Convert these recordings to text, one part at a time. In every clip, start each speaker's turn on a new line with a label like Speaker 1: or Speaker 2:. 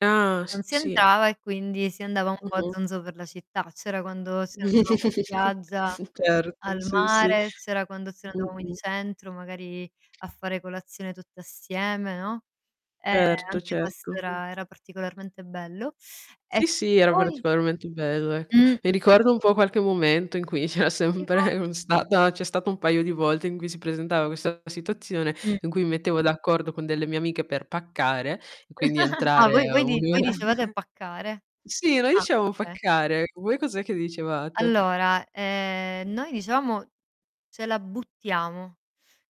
Speaker 1: Ah,
Speaker 2: Non
Speaker 1: s
Speaker 2: si
Speaker 1: sì.
Speaker 2: entrava e quindi si andava un po' a
Speaker 1: Mh-mh.
Speaker 2: zonzo per la città, c'era quando si andavamo in spiaggia, al
Speaker 1: Certo, sì, sì.
Speaker 2: mare, c'era quando ce ne andavamo in
Speaker 1: Mh-mh.
Speaker 2: centro, magari a fare colazione tutte assieme, no? E
Speaker 1: Certo,
Speaker 2: anche questo
Speaker 1: certo. Mh.
Speaker 2: era era particolarmente bello. E
Speaker 1: Sì, sì era
Speaker 2: poi?
Speaker 1: particolarmente bello, ecco.
Speaker 2: Mh-mh.
Speaker 1: Mi ricorda un po' qualche momento in cui c'era
Speaker 2: Tipo?
Speaker 1: sempre un stata c'è stato un paio di volte in cui si presentava questa situazione
Speaker 2: Mh.
Speaker 1: in cui mi mettevo d'accordo con delle mie amiche per paccare e quindi
Speaker 2: Ah,
Speaker 1: entrare
Speaker 2: voi voi
Speaker 1: 1
Speaker 2: di voi
Speaker 1: ora
Speaker 2: dicevate paccare?
Speaker 1: sì noi
Speaker 2: Ah,
Speaker 1: diciamo
Speaker 2: okay.
Speaker 1: "paccare", voi cos'è che dicevate?
Speaker 2: Allora, ehm, noi dicevamo "ce la buttiamo",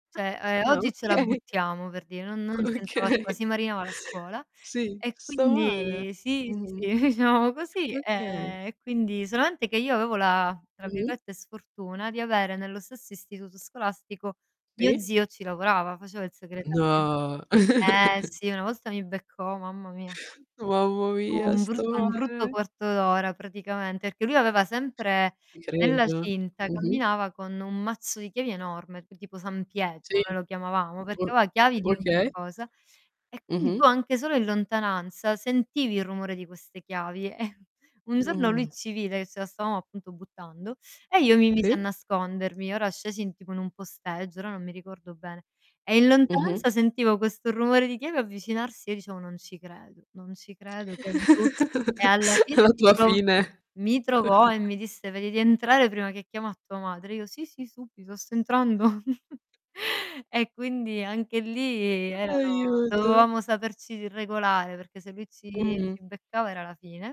Speaker 2: cioè, ehm,
Speaker 1: Ah,
Speaker 2: "oggi ce la
Speaker 1: okay.
Speaker 2: buttiamo", per dì non non si entrava a scuo
Speaker 1: Okay.
Speaker 2: si marinava la scuola
Speaker 1: Sì.
Speaker 2: e
Speaker 1: Sto male.
Speaker 2: quindi, sì, sì,
Speaker 1: Mh-mh.
Speaker 2: sì [unintelligible] così,
Speaker 1: Okay.
Speaker 2: ehm, e quindi solamente che io avevo la tra
Speaker 1: Mh-mh.
Speaker 2: virgolette, "sfortuna", di avere nello stesso istituto scolastico mio
Speaker 1: Sì.
Speaker 2: zio ci lavorava, faceva il segretario.
Speaker 1: No.
Speaker 2: Eh sì, una volta mi beccò, mamma mia.
Speaker 1: Mammo
Speaker 2: U
Speaker 1: via.
Speaker 2: un
Speaker 1: Sto
Speaker 2: brutto un brutto
Speaker 1: male.
Speaker 2: quarto ora praticamente, perché lui aveva sempre
Speaker 1: I
Speaker 2: nella
Speaker 1: credo.
Speaker 2: cinta
Speaker 1: Mh-mh.
Speaker 2: camminava con un mazzo di chiavi enorme, tipo San Pietro,
Speaker 1: Sì.
Speaker 2: noi lo chiamavamo,
Speaker 1: Mh.
Speaker 2: perché aveva chiavi di ogni
Speaker 1: Okay.
Speaker 2: cosa, e quindi
Speaker 1: Mh-mh.
Speaker 2: tu anche solo in lontananza sentivi il rumore di queste chiavi, e un giorno lui
Speaker 1: Mh.
Speaker 2: ci vide che ce la stavamo appunto buttando, e io mi misi a
Speaker 1: Sì.
Speaker 2: nascondermi. Ora scesi in tipo in un posteggio, ora non mi ricordo bene, e in
Speaker 1: Mh-mh.
Speaker 2: lontananza sentivo questo rumore di chiave avvicinarsi e dicevo: "Non ci credo, non ci credo che è lui. "E alla fine
Speaker 1: La
Speaker 2: mi
Speaker 1: tua
Speaker 2: trovò
Speaker 1: fine.
Speaker 2: mi trovò e mi disse: "Vedi di entrare prima che chiamo a tua madre." E io: "Sì, sì, subito sto entrando." E quindi anche lì erano
Speaker 1: Aiuto.
Speaker 2: dovevamo saperci regolare, perché se lui ci
Speaker 1: Mh-mh.
Speaker 2: ci beccava era la fine.